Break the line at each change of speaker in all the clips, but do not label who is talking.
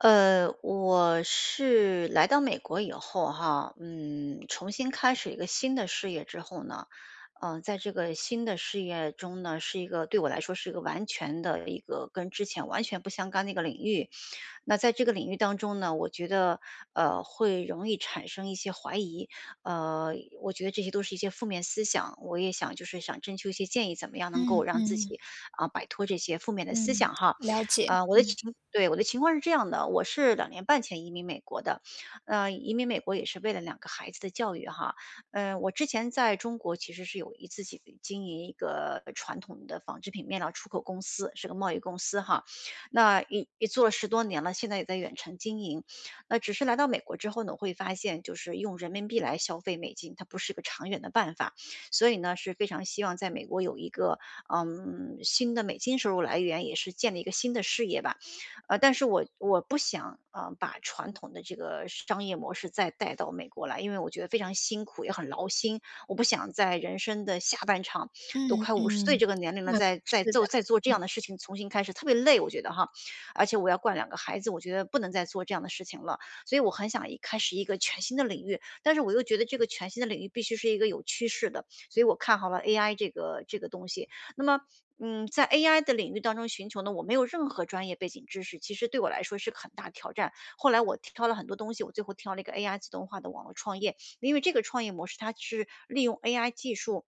呃，我是来到美国以后哈，嗯，重新开始一个新的事业之后呢，呃，在这个新的事业中呢，是一个对我来说是一个完全的一个跟之前完全不相干的一个领域。那在这个领域当中呢，我觉得，呃，会容易产生一些怀疑。呃，我觉得这些都是一些负面思想，我也想就是想征求一些建议，怎么样能够
嗯
让自
嗯。
己，嗯，摆脱这些负面的
对，
思想哈。
了解，
呃，我的
嗯。
情对，我的情况是这样的，我是2年半前移民美国的，嗯，移民美国也是为了2个孩子的教育哈。嗯，我之前在中国其实是有一自己的经营一个传统的纺织品面料出口公司，是个贸易公司哈。那也也做了10多年了，现在也在远程经营。呃，只是来到美国之后呢，我会发现就是用人民币来消费美金，它不是个长远的办法，所以呢，是非常希望在美国有一个，嗯，新的美金收入来源，也是建立一个新的事业吧。嗯，但是我我不想，嗯，把传统的这个商业模式再带到美国来，因为我觉得非常辛苦，也很劳心，我不想在人生的下半场，都
嗯
快50岁
嗯。
这个年龄了，
嗯，
再再
是的。
做再做这
嗯。
样的事情重新开始特别累，我觉得哈。而且我要管2个孩子，我觉得不能再做这样的事情了。所以我很想一开始一个全新的领域，但是我又觉得这个全新的领域必须是一个有趋势的，所以我看好了 AI 这个这个东西。那么，嗯，在 AI 的领域当中寻求呢，我没有任何专业背景知识，其实对我来说是个很大挑战。后来我挑了很多东西，我最后挑到了一个 AI 自动化的网络创业，因为这个创业模式它是利用 AI 技术，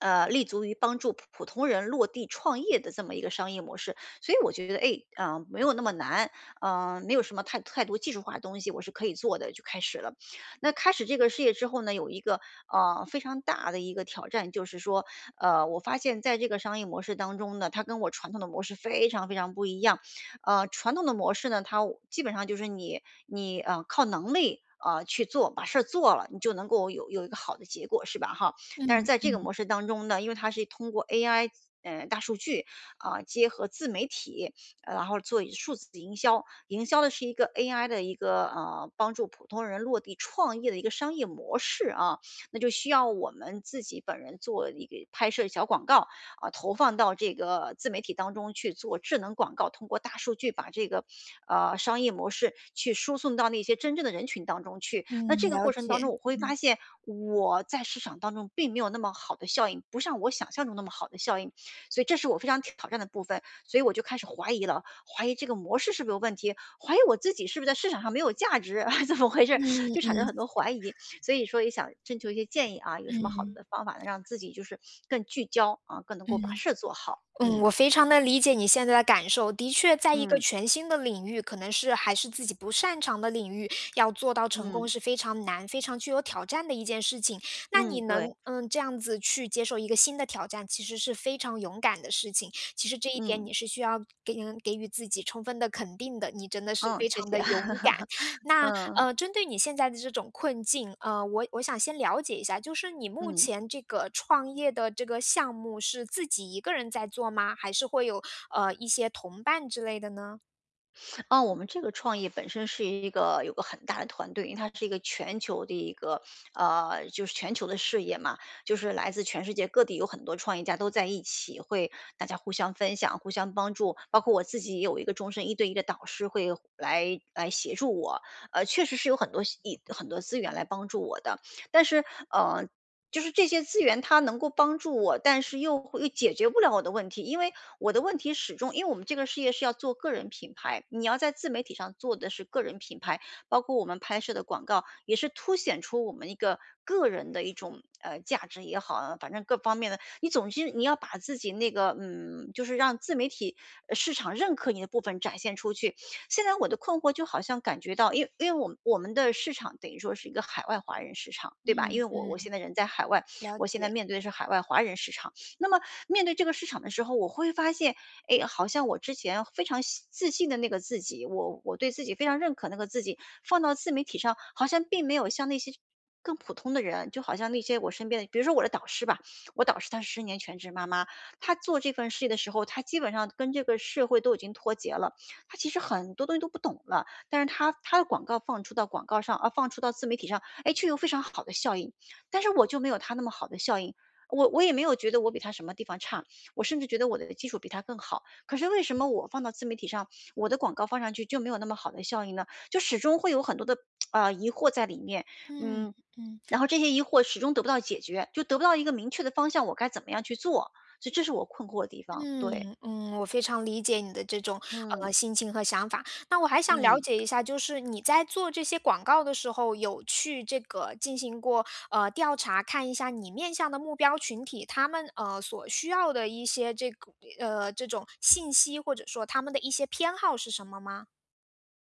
呃，立足于帮助普普通人落地创业的这么一个商业模式，所以我觉得，哎，嗯，没有那么难。嗯，没有什么太太多技术化的东西，我是可以做的，就开始了。那开始这个事业之后呢，有一个，呃，非常大的一个挑战，就是说，呃，我发现在这个商业模式当中呢，它跟我传统的模式非常，非常不一样。嗯，传统的模式呢，它基本上就是你你呃，靠能力，呃，去做把事儿做了，你就能够有有一个好的结果是吧哈。但是
嗯
在这个
嗯。
模式当中呢，因为它是通过 AI 嗯，大数据，嗯，结合自媒体，呃，然后做一数字营销。营销的是一个 AI 的一个，呃，帮助普通人落地创业的一个商业模式啊，那就需要我们自己本人做一个拍摄小广告，嗯，投放到这个自媒体当中去做智能广告，通过大数据把这个，呃，商业模式去输送到那些真正的人群当中去。那
嗯，
这个
了
过程
解，
当中我会
嗯。
发现，我在市场当中并没有那么好的效应，不像我想象中那么好的效应。所以这是我非常挑挑战的部分，所以我就开始怀疑了，怀疑这个模式是不是有问题、怀疑我自己是不是在市场上没有价值，怎么回事。
嗯
就产生很多怀疑。
嗯。
所以说也想征求一些建议啊，有什么好
嗯。
的方法能让自己就是更聚焦，嗯，更能够把
嗯。
事做好。
嗯，
嗯。
我非常地理解你现在的感受，的确在一个
嗯。
全新的领域，可能是还是自己不擅长的领域，要做到成功
嗯。
是非常难、非常具有挑战的一件事情。那你
嗯，对。
能，嗯，这样子去接受一个新的挑战，其实是非常勇敢的事情，其实这一点
嗯。
你是需要给给予自己充分的肯定的，你真的是
嗯，
非
谢
常
谢。
地勇敢。那，
嗯。
呃，针对你现在的这种困境，呃，我我想先了解一下就是你目
嗯。
前这个创业的这个项目是自己一个人在做吗？还是会有，呃，一些同伴之类的呢？
啊，我们这个创业本身是一个有个很大的团队，因为它是一个全球的一个，呃，就是全球的事业嘛。就是来自全世界各地有很多创业家都在一起，会大家互相分享、互相帮助，包括我自己也有一个终身一对一的导师会来来协助我。呃，确实是有很多一很多资源来帮助我的。但是，呃，就是这些资源它能够帮助我，但是又会又解决不了我的问题。因为我的问题始终因为我们这个事业是要做个人品牌，你要在自媒体上做的是个人品牌，包括我们拍摄的广告，也是凸显出我们一个个人的一种，呃，价值也好，反正各方面的。你总之你要把自己那个，嗯，就是让自媒体市场认可你的部分展现出去。现在我的困惑就好像感觉到因为因为我们我们的市场等于说是一个海外华人市场，对吧，因
嗯，
为我
对，
我现在人在海外，
了
我现在
解。
面对的是海外华人市场。那么面对这个市场的时候，我会发现，诶，好像我之前非常信自信的那个自己，我我对自己非常认可那个自己，放到自媒体上，好像并没有像那些更普通的人，就好像那些我身边的比如说我的导师吧，我导师她是10年全职妈妈，她做这份事业的时候，她基本上跟这个社会都已经脱节了，她其实很多东西都不懂了。但是她她的广告放出到广告上啊，放出到自媒体上，诶，就、却有非常好的效应。但是我就没有她那么好的效应，我我也没有觉得我比她什么地方差，我甚至觉得我的技术比她更好。可是为什么我放到自媒体上，我的广告放上去就没有那么好的效应呢？就始终会有很多的，呃，疑惑在里面。
嗯，
嗯，
嗯。
然后这些疑惑始终得不到解决，就得不到一个明确的方向，我该怎么样去做，所以这是我困惑的地方，
嗯，
对。
嗯，我非常理解你的这种，呃，
嗯。
心情和想法。但我还想了
嗯。
解一下，就是你在做这些广告的时候，有去这个进行过，呃，调查，看一下你面向的目标群体，他们，呃，所需要的一些这个呃，这种信息，或者说他们的一些偏好是什么吗？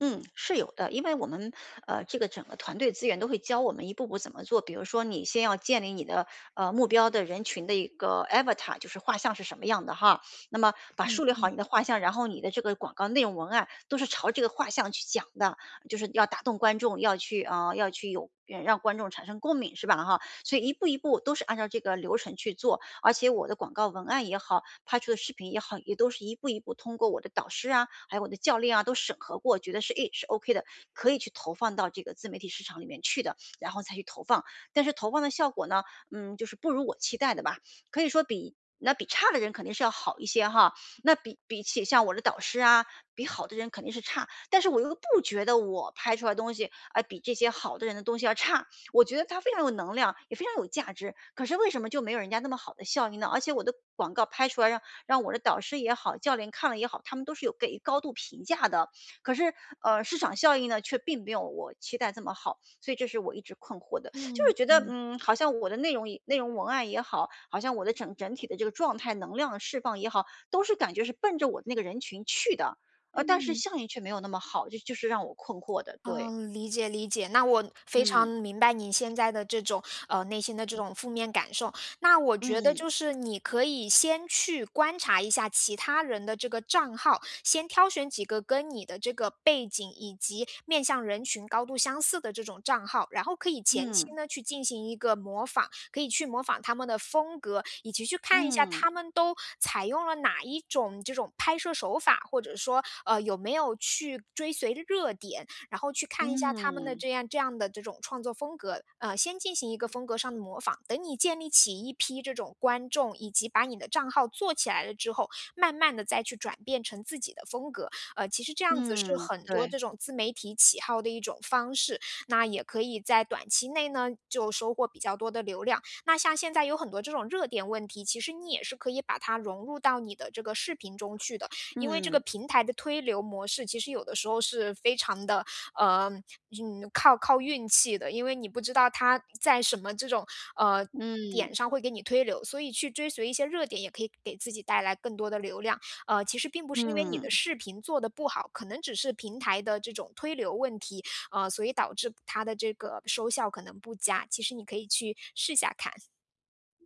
嗯，是有的，因为我们，呃，这个整个团队资源都会教我们一步步怎么做。比如说你先要建立你的，呃，目标的人群的一个 avatar，就是画像是什么样的哈。那么把
嗯
树立好
嗯。
你的画像，然后你的这个广告内容文案都是朝这个画像去讲的。就是要打动观众，要去啊，要去有让观众产生共鸣，是吧哈。所以一步一步都是按照这个流程去做，而且我的广告文案也好，拍出的视频，也都是一步一步通过我的导师啊，还有我的教练啊都审核过，觉得是，哎，是 ok 的，可以去投放到这个自媒体市场里面去的，然后才去投放。但是投放的效果呢，嗯，就是不如我期待的吧，可以说比那比差的人肯定是要好一些哈。那比比起像我的导师啊，比好的人肯定是差。但是我又不觉得我拍出来的东西，啊比这些好的人的东西要差，我觉得它非常有能量，也非常有价值。可是为什么就没有人家那么好的效应呢？而且我的广告拍出来让让我的导师也好，教练看了也好，他们都是有给予高度评价的。可是，呃，市场效应呢，却并没有我期待这么好。所以这是我一直困惑的。就是
嗯，
觉得，
嗯。
嗯，好像我的内容内容文案也好，好像我的整整体的这个状态能量的释放也好，都是感觉是奔着我那个人群去的，呃，但是
嗯。
效应却没有那么好，这就是让我困惑的，对。
嗯，理解理解，那我非常
嗯。
明白你现在的这种，呃，内心的这种负面感受。那我觉得
嗯。
就是你可以先去观察一下其他人的这个账号，先挑选几个跟你的这个背景，以及面向人群高度相似的这种账号，然后可以前期
嗯。
呢去进行一个模仿。可以去模仿他们的风格，以及去看一下
嗯。
他们都采用了哪一种这种拍摄手法，或者说，呃，有没有去追随的热点，然后去看一下他们的
嗯。
这样这样的这种创作风格。呃，先进行一个风格上的模仿，等你建立起一批这种观众，以及把你的账号做起来了之后，慢慢地再去转变成自己的风格。呃，其实这样子是
嗯，
很多这
对。
种自媒体启号的一种方式。那也可以在短期内呢，就收获比较多的流量。那像现在有很多这种热点问题，其实你也是可以把它融入到你的这个视频中去的。因为这个
嗯。
平台的推流模式其实有的时候是非常得，呃，靠靠运气的，因为你不知道它在什么这种，呃，
嗯。
点上会给你推流，所以去追随一些热点也可以给自己带来更多的流量。呃，其实并不是因为你的
嗯。
视频做的不好，可能只是平台的这种推流问题，呃，所以导致它的这个收效可能不佳，其实你可以去试一下看。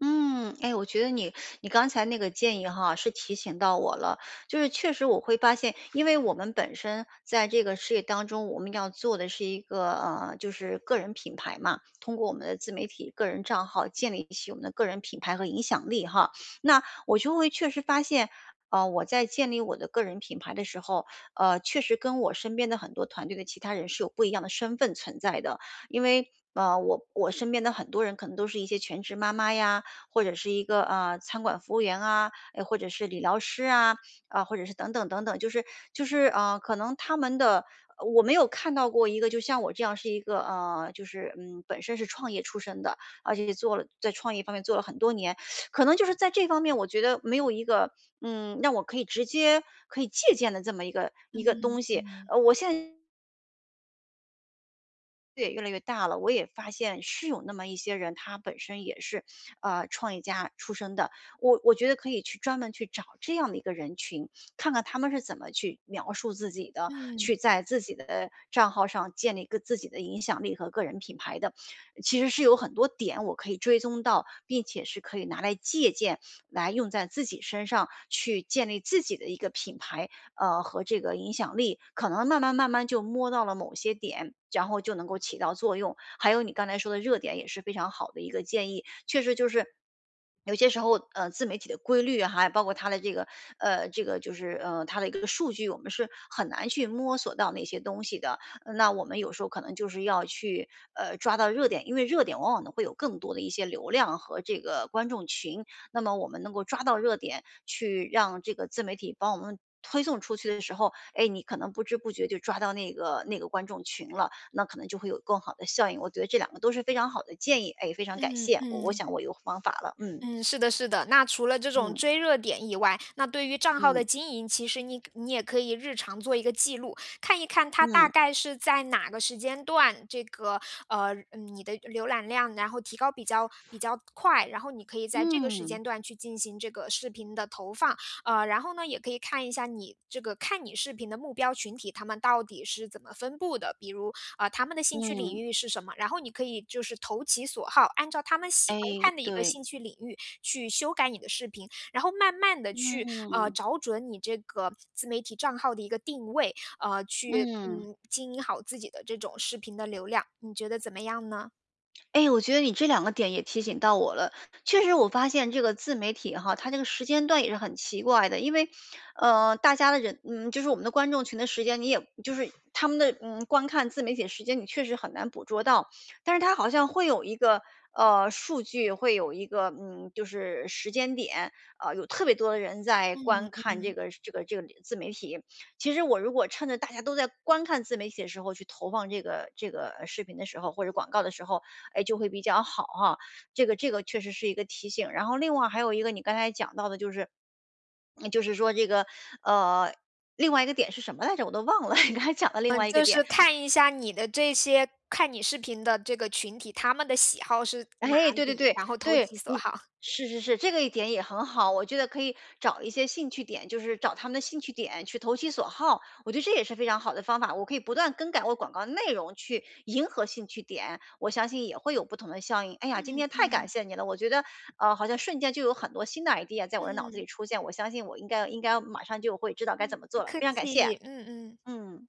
嗯，哎，我觉得你你刚才那个建议哈，是提醒到我了，就是确实我会发现因为我们本身在这个事业当中，我们要做的是一个呃，就是个人品牌嘛，通过我们的自媒体个人账号建立起我们的个人品牌和影响力哈。那我就会确实发现，啊，我在建立我的个人品牌的时候，呃，确实跟我身边的很多团队的其他人是有不一样的身份存在的。因为，呃，我我身边的很多人可能都是一些全职妈妈呀，或者是一个，呃，餐馆服务员啊，诶，或者是理疗师啊，啊，或者是等等等等，就是就是呃，可能他们的呃，我没有看到过一个就像我这样是一个呃，就是，嗯，本身是创业出身的，而且做了在创业方面做了很多年，可能就是在这方面我觉得没有一个，嗯，让我可以直接可以借鉴的这么一个一个
嗯，
东西，
嗯。
呃，我现对，越来越大了，我也发现是有那么一些人，他本身也是，呃，创业家出身的，我我觉得可以去专门去找这样的一个人群，看看他们是怎么去描述自己的，
嗯。
去在自己的账号上建立一个自己的影响力和个人品牌的，其实是有很多点我可以追踪到，并且是可以拿来借鉴，来用在自己身上，去建立自己的一个品牌，呃，和这个影响力，可能慢慢慢慢就摸到了某些点，然后就能够起到作用。还有你刚才说的热点也是非常好的一个建议，确实就是有些时候，呃，自媒体的规律，还包括它的这个呃，这个就是呃，它的一个数据我们是很难去摸索到那些东西的，那我们有时候可能就是要去，呃，抓到热点，因为热点往往会有更多的一些流量和这个观众群，那么我们能够抓到热点去让这个自媒体帮我们推送出去的时候，诶，你可能不知不觉就抓到那个那个观众群了，那可能就会有更好的效应。我觉得这两个都是非常好的建议，哎，非常感
嗯，
谢。我我
嗯。
想我有方法了。嗯。
嗯，是的，是的，那除了这种
嗯。
追热点以外，那对于账号
嗯。
的经营，其实你你也可以日常做一个记录，看一看它大
嗯。
概是在哪个时间段，这个呃，你的浏览量然后提高比较比较快，然后你可以在这个时
嗯。
间段去进行这个视频的投放。呃，然后呢，也可以看一下你这个看你视频的目标群体，他们到底是怎么分布的，比如，呃，他们的兴趣领
嗯。
域是什么，然后你可以就是投其所好，按照他们喜欢
哎，
看的一个
对。
兴趣领域，去修改你的视频，然后慢慢地去，呃，
嗯。
找准你这个自媒体账号的一个定位，呃，去，
嗯。
嗯，经营好自己的这种视频的流量，你觉得怎么样呢？
诶，我觉得你这2个点也提醒到我了。确实我发现这个自媒体哈，它这个时间段也是很奇怪的。因为，呃，大家的人嗯，就是我们的观众群的时间，你也就是他们的，嗯，观看自媒体的时间你确实很难捕捉到。但是它好像会有一个呃，数据会有一个，嗯，就是时间点，啊，有特别多的人在
嗯
观看这
嗯。
个这个这个自媒体，其实我如果趁着大家都在观看自媒体的时候去投放这个这个视频的时候或者广告的时候，哎，就会比较好哈，这个这个确实是一个提醒。然后另外还有一个你刚才讲到的就是就是说这个，呃，另外一个点是什么来着，我都忘了，你刚才讲了另
呃，
外一个
就
点。
是看一下你的这些看你视频的这个群体，他们的喜好是哪
哎，对对
里，
对，
然后投
对。
其所
你
好。
是是是，这个一点也很好，我觉得可以找一些兴趣点，就是找他们的兴趣点去投其所好，我觉得这也是非常好的方法。我可以不断更改我广告的内容去迎合兴趣点，我相信也会有不同的效应。哎呀，今
嗯
天太感
嗯。
谢你了，我觉得，呃，好像瞬间就有很多新的 idea 在我的脑子
嗯。
里出现，我相信我应该应该马上就会知道该
嗯，
怎么
不
做了，
客
非常感谢。
气，嗯嗯。
嗯。